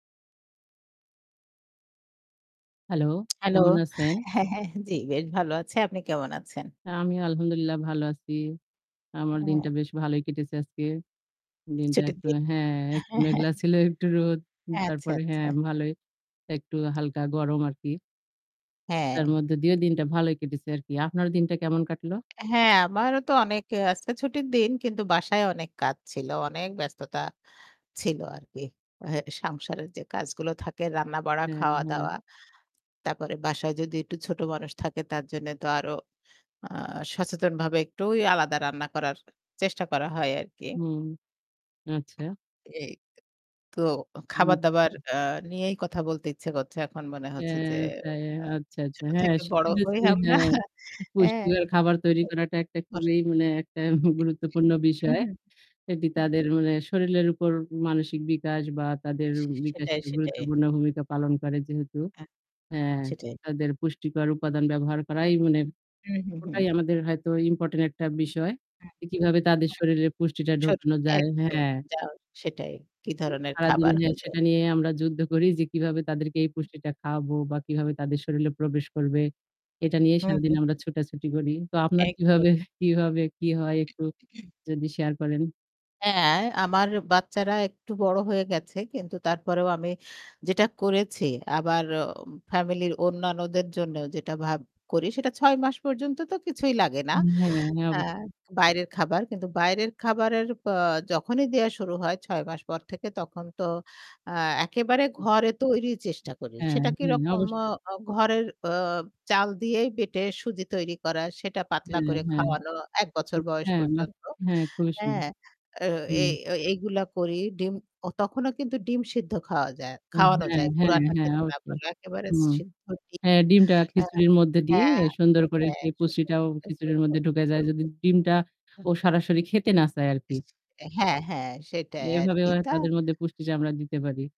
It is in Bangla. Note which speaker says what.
Speaker 1: হ্যালো।
Speaker 2: হ্যালো।
Speaker 1: কেমন আছেন?
Speaker 2: হ্যাঁ, হ্যাঁ, জি বেশ ভালো আছি। আপনি কেমন আছেন?
Speaker 1: আ আমিও আলহামদুলিল্লাহ ভালো আছি। আমার দিনটা
Speaker 2: হুম।
Speaker 1: বেশ ভালোই কেটেছে আজকে। দিনটা
Speaker 2: ছুটির
Speaker 1: একটু
Speaker 2: দিন।
Speaker 1: হ্যাঁ,
Speaker 2: হ্যাঁ,
Speaker 1: একটু
Speaker 2: হ্যা,
Speaker 1: মেঘলা
Speaker 2: হ্যা।
Speaker 1: ছিল, একটু রোদ।
Speaker 2: এ আচ্ছা,
Speaker 1: তারপরে হ্যাঁ
Speaker 2: আচ্ছা।
Speaker 1: ভালোই। একটু হালকা গরম আরকি। তার
Speaker 2: হ্যাঁ।
Speaker 1: মধ্যে দিয়েও দিনটা ভালই কেটেছে আরকি। আপনার দিনটা কেমন কাটলো?
Speaker 2: হ্যাঁ, আমারও তো অনেক আজকে ছুটির দিন কিন্তু বাসায় অনেক কাজ ছিল। অনেক ব্যস্ততা ছিল আরকি। এ সংসারের যে কাজগুলো থাকে রান্না-বাড়া,
Speaker 1: হ্যা, হ্যা।
Speaker 2: খাওয়া-দাওয়া। তারপরে বাসায় যদি একটু ছোট মানুষ থাকে তার জন্যে তো আরো আ সচেতনভাবে একটু ওই আলাদা রান্না করার চেষ্টা করা হয় আরকি।
Speaker 1: হুম, আচ্ছা।
Speaker 2: এই। তো
Speaker 1: উ আচ্ছা।
Speaker 2: খাবার-দাবার
Speaker 1: জি।
Speaker 2: আ নিয়েই কথা বলতে ইচ্ছা করছে। এখন মনে হচ্ছে যে
Speaker 1: হ্যাঁ, তাই।
Speaker 2: আ
Speaker 1: আচ্ছা, আচ্ছা।
Speaker 2: ছোট
Speaker 1: হ্যাঁ,
Speaker 2: থেকে বড়
Speaker 1: শিশুদের
Speaker 2: হই
Speaker 1: জন্য
Speaker 2: আমরা।
Speaker 1: হ্যাঁ,
Speaker 2: এ
Speaker 1: পুষ্টিকর খাবার তৈরি করাটা একটা
Speaker 2: অর
Speaker 1: খুবই মানে একটা গুরুত্বপূর্ণ
Speaker 2: হুম। হুম,
Speaker 1: বিষয়।
Speaker 2: হুম।
Speaker 1: এটি
Speaker 2: হুম,
Speaker 1: তাদের
Speaker 2: হুম।
Speaker 1: মানে শরীরের উপর মানসিক বিকাশ বা তাদের
Speaker 2: সেটাই,
Speaker 1: বিকাশের
Speaker 2: সেটাই।
Speaker 1: গুরুত্বপূর্ণ ভূমিকা পালন করে যেহেতু।
Speaker 2: হ্যাঁ,
Speaker 1: হ্যাঁ
Speaker 2: সেটাই।
Speaker 1: তাদের পুষ্টিকর উপাদান ব্যবহার করাই মানে
Speaker 2: হু, হু,
Speaker 1: ওটাই
Speaker 2: হু।
Speaker 1: আমাদের হয়তো ইম্পোর্টেন্ট একটা বিষয়।
Speaker 2: হ্যাঁ,
Speaker 1: যে
Speaker 2: হ্যা,
Speaker 1: কিভাবে তাদের
Speaker 2: হ্যা।
Speaker 1: শরীরে পুষ্টিটা
Speaker 2: ছোট
Speaker 1: ঢোকানো যায়।
Speaker 2: একদম।
Speaker 1: হ্যাঁ।
Speaker 2: যাও সেটাই। কি
Speaker 1: এ
Speaker 2: ধরনের
Speaker 1: সারাদিন
Speaker 2: খাবার
Speaker 1: হ্যাঁ,
Speaker 2: হলে
Speaker 1: সেটা নিয়ে আমরা যুদ্ধ করি যে কিভাবে তাদেরকে এই পুষ্টিটা খাওয়াবো বা কিভাবে তাদের শরীরে প্রবেশ করবে। এটা নিয়ে
Speaker 2: হু,
Speaker 1: সারাদিন
Speaker 2: হু,
Speaker 1: আমরা
Speaker 2: হু।
Speaker 1: ছুটাছুটি করি। তো আপনার
Speaker 2: একদম।
Speaker 1: কিভাবে কিভাবে কি হয়? একটু যদি শেয়ার করেন।
Speaker 2: হ্যাঁ, আমার বাচ্চারা একটু বড় হয়ে গেছে কিন্তু তারপরেও আমি যেটা করেছি আবার অ ফ্যামিলির অন্যান্যদের জন্য যেটা ভাব করি সেটা ৬ মাস পর্যন্ত তো কিছুই লাগে না
Speaker 1: ই হ্যাঁ, হ্যাঁ।
Speaker 2: আ
Speaker 1: অবশ্যই।
Speaker 2: বাইরের খাবার। কিন্তু বাইরের খাবারের প যখনই দেয়া শুরু হয় ৬ মাস পর থেকে তখন তো আ একেবারে
Speaker 1: উ জি।
Speaker 2: ঘরে তৈরির চেষ্টা করি।
Speaker 1: হ্যাঁ,
Speaker 2: সেটা
Speaker 1: হ্যাঁ।
Speaker 2: কিরকম?
Speaker 1: অবশ্যই।
Speaker 2: আ ঘরের অ চাল দিয়েই বেঁটে সুজি তৈরি করা। সেটা পাতলা
Speaker 1: হ্যাঁ,
Speaker 2: করে
Speaker 1: হ্যাঁ।
Speaker 2: খাওয়ানো ১
Speaker 1: উ
Speaker 2: বছর বয়স
Speaker 1: হ্যাঁ। বাহ!
Speaker 2: পর্যন্ত।
Speaker 1: হ্যাঁ, খুবই সুন্দর।
Speaker 2: হ্যাঁ। অ এ
Speaker 1: হুম।
Speaker 2: এগুলা করি। ডিম অ তখনও কিন্তু ডিম সিদ্ধ খাওয়া যায়
Speaker 1: উম
Speaker 2: খাওয়ানো
Speaker 1: হ্যাঁ,
Speaker 2: যায়।
Speaker 1: হ্যাঁ,
Speaker 2: পুরাটা
Speaker 1: হ্যাঁ।
Speaker 2: খেতে না
Speaker 1: অবশ্যই।
Speaker 2: পারলে একেবারে
Speaker 1: হুম।
Speaker 2: সিদ্ধ ডিম
Speaker 1: হ্যাঁ, ডিমটা
Speaker 2: আ
Speaker 1: খিচুড়ির মধ্যে দিয়ে
Speaker 2: হ্যাঁ, হ্যাঁ।
Speaker 1: সুন্দর করে
Speaker 2: হ্যাঁ।
Speaker 1: সেই পুষ্টিটাও খিচুড়ির মধ্যে
Speaker 2: [unintelligible]
Speaker 1: ঢুকে যায়। যদি ডিমটা ও
Speaker 2: হুম।
Speaker 1: সরাসরি খেতে না চায় আরকি।
Speaker 2: হ্যাঁ, হ্যাঁ। সেটাই
Speaker 1: এভাবে
Speaker 2: আরকি।
Speaker 1: হ
Speaker 2: তা
Speaker 1: তাদের মধ্যে পুষ্টিটা আমরা দিতে পারি।